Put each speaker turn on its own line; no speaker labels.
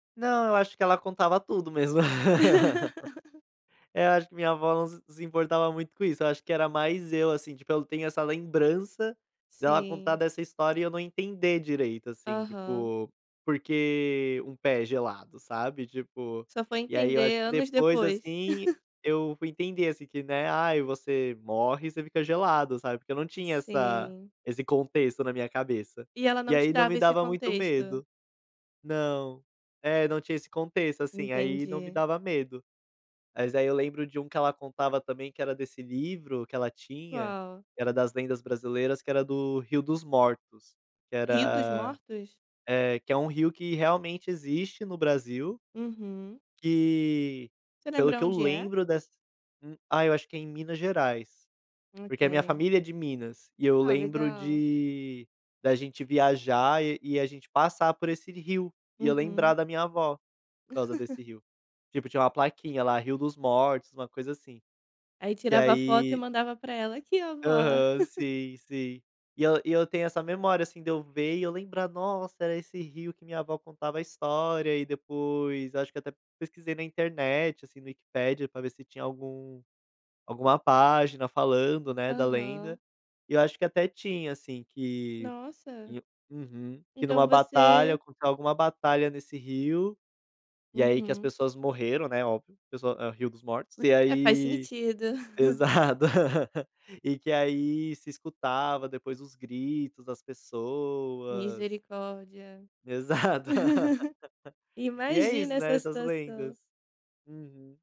Não, eu acho que ela contava tudo mesmo. É, acho que minha vó, ela não s se importava muito com isso, eu acho que era mais eu, assim, tipo, eu tenho essa lembrança dela contar
Sim.
dessa história e eu não entender direito, assim,
Aham.
tipo, porque um pé gelado, sabe, tipo,
Só foi
e aí eu acho
entender
que
anos
depois,
depois.
assim, eu fui entender, assim, que, né, "Ai, você morre, você fica gelado", sabe, porque eu não tinha essa
Sim.
esse contexto na minha cabeça.
E ela
E
não te
aí não me
dava esse
dava muito
contexto?
medo. Não. É, não tinha esse contexto, assim, aí não me
Entendi.
dava medo. Mas aí eu lembro de um que ela contava também, que era desse livro que ela tinha,
Qual?
que era das lendas brasileiras, que era do Rio dos Mortos, que
Rio dos
era,
Mortos?
eh, que é um rio que realmente existe no Brasil,
Uhum.
que,
Você
pelo
lembra
que eu
onde é?
lembro dessa hum, ah, eu acho que é em Minas Gerais, porque a minha
Ok.
família é de Minas, e eu
Ah,
lembro
legal.
de da gente viajar e e a gente passar por esse rio, e eu lembrar
Uhum.
da minha vó, por causa desse rio. Tipo, tinha uma plaquinha lá, "Rio dos Mortos", uma coisa assim.
Aí
E
tirava a foto e
aí
mandava para ela: "Aqui ó, vó".
Aham, sim, sim. E eu e eu tenho essa memória, assim, de eu ver e eu lembrar: "Nossa, era esse rio que minha vó contava a história", e depois, eu acho que até pesquisei na internet, assim, no Wikipedia para ver se tinha algum alguma página falando, né, da lenda,
Aham.
e eu acho que até tinha, assim, que
Nossa.
uhum. Que em
Então
uma batalha,
você
alguma batalha nesse rio, e aí que as
Uhum.
pessoas morreram, né, óbvio, pessoa ah, Rio dos Mortos, e
É, faz
aí
sentido.
pesado. E que aí se escutava, depois, os gritos das pessoas.
Misericórdia.
Exato. E é
Imagina
isso, né,
essa
essas
situação.
lendas. Uhum.